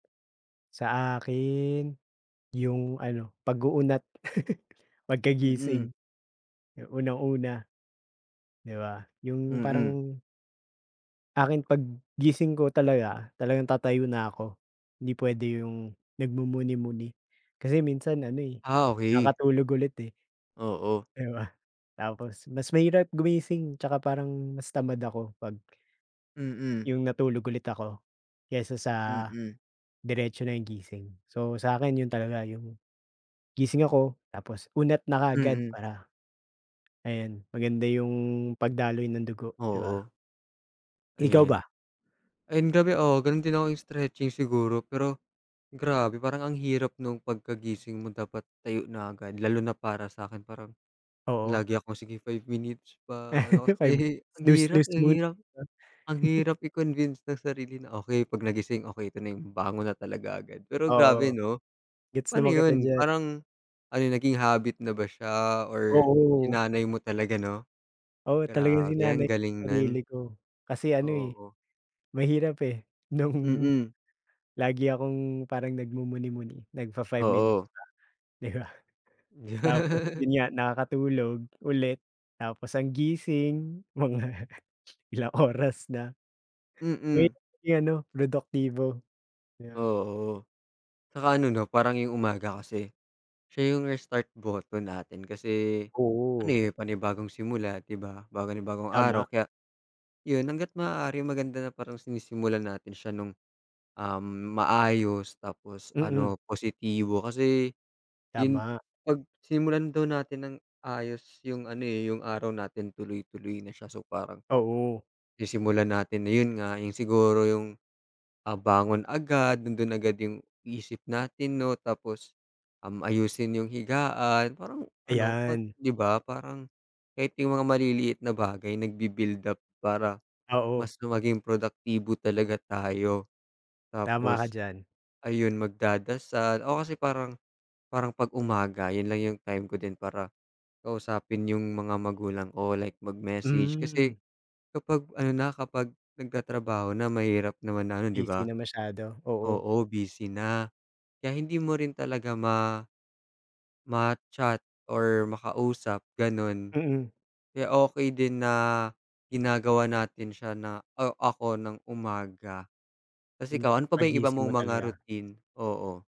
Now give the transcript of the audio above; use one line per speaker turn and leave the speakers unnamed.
Sa akin, 'yong ano, pag-uunat.
Mm.
Pagkagising, unang-una, 'di ba, 'yong
Mm.
parang akin, pag-gising ko talaga, talagang tatayo na ako, 'di puwede 'yong nagmumuni-muni, kasi minsan ano, eh,
Ah, okey.
nakatulog ulit, eh,
Oo.
'di ba? Tapos, mas mahirap gumising, 'tsaka parang mas tamad ako pag
Mm.
'yong natulog ulit ako kaysa sa,
Mm.
diretso na 'yong gising. So sa'kin, 'yon talaga 'yong, gising ako, tapos unat na kaagad
Mm.
para, ayun maganda 'yong pagdaloy ng dugo, 'di ba?
Oo.
Ikaw
Ayun.
ba?
Ayun grabe, oo, gano'n din ako, 'yong stretching siguro. Pero, grabe parang ang hirap no'ng pagkagising mo dapat tayo na agad, lalo na para sa'kin parang,
Oo.
lagi akong, "Sige, 5 minutes pa" ano kasi,
5 min
ang hirap,
snooze-snooze
ang
muna,
hirap
'no.
ang hirap i-convince ng sarili na, okay, pag nagising, okay, ito na 'yong bangon na talaga agad. Pero grabe,
Oo.
'no,
Gets
paano
naman kita
'yon,
diyan.
parang, ano 'yon naging habit na ba siya or
Oo.
sinanay mo talaga, 'no?
Oo, talagang
Grabe
sinanay
ang
ko
galing
sarili
no'n.
ko. Kasi ano, eh,
Oo.
mahirap, eh, no'ng,
Mm.
lagi akong parang nagmumuni-muni, nagfa-five minutes
Oo.
pa, 'di ba? Tapos, 'yon nga nakakatulog ulit, tapos ang gising mga ilang oras na.
Mm.
Mahirap maging ano, produktibo. Yeah.
Oo. Saka ano, 'no, parang 'yong umaga kasi, siya 'yong restart button natin, kasi ano,
Oo.
eh panibagong simula, 'di ba, bago na bagong
Tama.
araw. Kaya, 'yon hangga't maaari maganda na parang sinisimulan natin siya no'ng, um, maayos, tapos
Mm.
ano, positibo, kasi 'yon
Tama.
pag simulan daw natin ng ayos 'yong ano, eh, 'yong araw natin tuloy-tuloy na siya. So parang,
Oo.
sisimulan natin na 'yon nga, 'yong siguro 'yong, ah, bangon agad, nando'n agad 'yong isip natin, 'no. Tapos, um, ayusin 'yong higaan, parang ano, pag
Ayan.
'di ba, parang, kahit 'yong mga maliliit na bagay nagbi-build up para,
Oo.
mas gu maging produktibo talaga tayo.
Tama ka
Tapos,
diyan.
ayun magdadasal, ako kasi, parang, parang pag umaga 'yon lang 'yong time ko din para, kausapin 'yong mga magulang o like mag-message kasi,
Mhm.
kapag ano na, kapag nagtatrabaho na mahirap naman na ano, 'di
Busy
ba,
na masyado, oo.
oo, busy na. Kaya hindi mo rin talaga ma ma-chat or makausap, gano'n,
Mm.
kaya okay din na, ginagawa natin siya na, o ako ng umaga. 'Tas
'Yong
ikaw, ano pa ba 'yong iba
pag-gising mo
mong mga
talaga.
routine? Oo.